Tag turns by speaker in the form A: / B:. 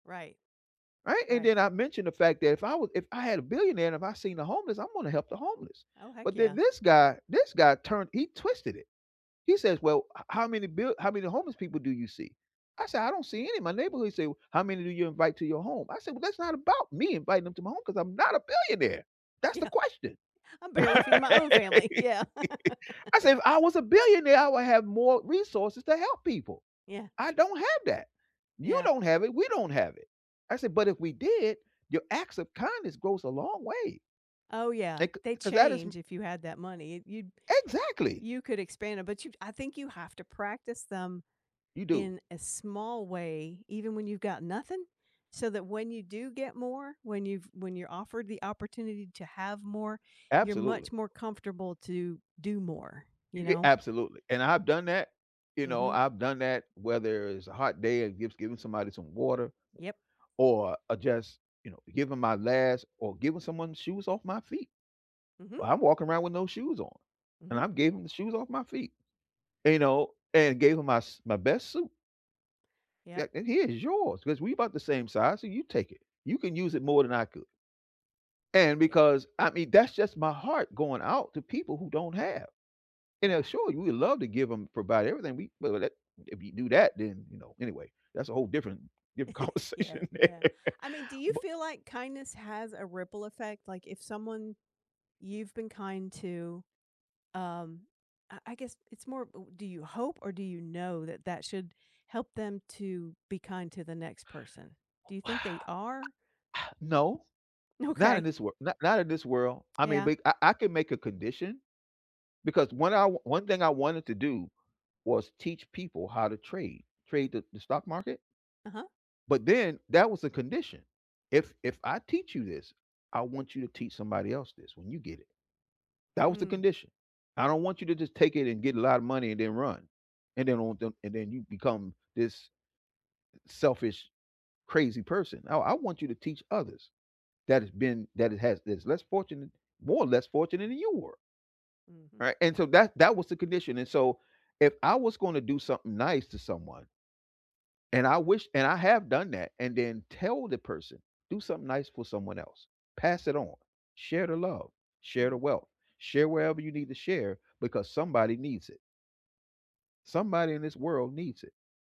A: Right.
B: Right? And
A: Right.
B: then I mentioned the fact that if I would if I had a billionaire and if I seen the homeless, I'm gonna help the homeless.
A: Oh, heck
B: But then
A: yeah.
B: this guy this guy turned he twisted it. He says, "Well, h how many bill how many homeless people do you see?" I said, "I don't see any in my neighborhood." He said, "How many do you invite to your home?" I said, "Well, that's not about me inviting them to my home 'cause I'm not a billionaire." That's the
A: Yeah.
B: question.
A: I'm barely feed my own
B: I
A: family. Yeah.
B: said, "If I was a billionaire, I would have more resources to help people.
A: Yeah.
B: I don't have that. You
A: Yeah.
B: don't have it. We don't have it." I said, "But if we did, your acts of kindness goes a long way."
A: Oh yeah.
B: Like,
A: They
B: 'cause that is m
A: change if you had that money. It you
B: Exactly.
A: You could expand it, but you I think you have to practice them
B: You do.
A: in a small way even when you've got nothing so that when you do get more, when you've when you're offered the opportunity to have more, you're
B: Absolutely.
A: much more comfortable to do more,
B: Y
A: you
B: a
A: know?
B: absolutely. And I've done that, you know,
A: Mhm.
B: I've done that, whether it's a hot day or just giving somebody some water
A: Yep.
B: or, uh, just, you know, giving my last or giving someone shoes off my feet.
A: Mhm.
B: Well, I'm walking around with no shoes on, and
A: Mhm.
B: I've gave 'em the shoes off my feet, you know, and gave 'em my s my best suit
A: Yep.
B: a and, "Here's yours 'cause we about the same size, so you take it. You can use it more than I could." And
A: Yeah.
B: because, I mean, that's just my heart going out to people who don't have. And, now
A: Yeah
B: sure, we love to give 'em provide everything. We well, let if you do that, then, you know, anyway, that's a whole different different
A: Yeah,
B: conversation.
A: yeah I mean do you
B: B
A: feel like kindness has a ripple effect like if someone you've been kind to, um, I I guess it's more u do you hope or do you know that that should help them to be kind to the next person? Do you
B: Wow.
A: think they are?
B: No. Not in
A: Okay.
B: this wor not in this world. I mean,
A: Yeah.
B: but I I can make a condition because one I one thing I wanted to do was teach people how to trade, trade the the stock market
A: Uh-huh.
B: but then that was the condition. "If if I teach you this, I want you to teach somebody else this when you get it." That was the
A: Mm.
B: condition. "I don't want you to just take it and get a lot of money and then run. And then on them and then you become this, eh, selfish, crazy person. I I want you to teach others that it's been that it has this less fortunate, more or less fortunate, than you were."
A: Mhm.
B: Right? And so that that was the condition. And so if I was gonna do something nice to someone and I wish and I have done that, and then tell the person, "Do something nice for someone else. Pass it on. Share the love. Share the
A: Mhm.
B: wealth. Share wherever you need to share, because somebody needs it." Somebody in this world needs it.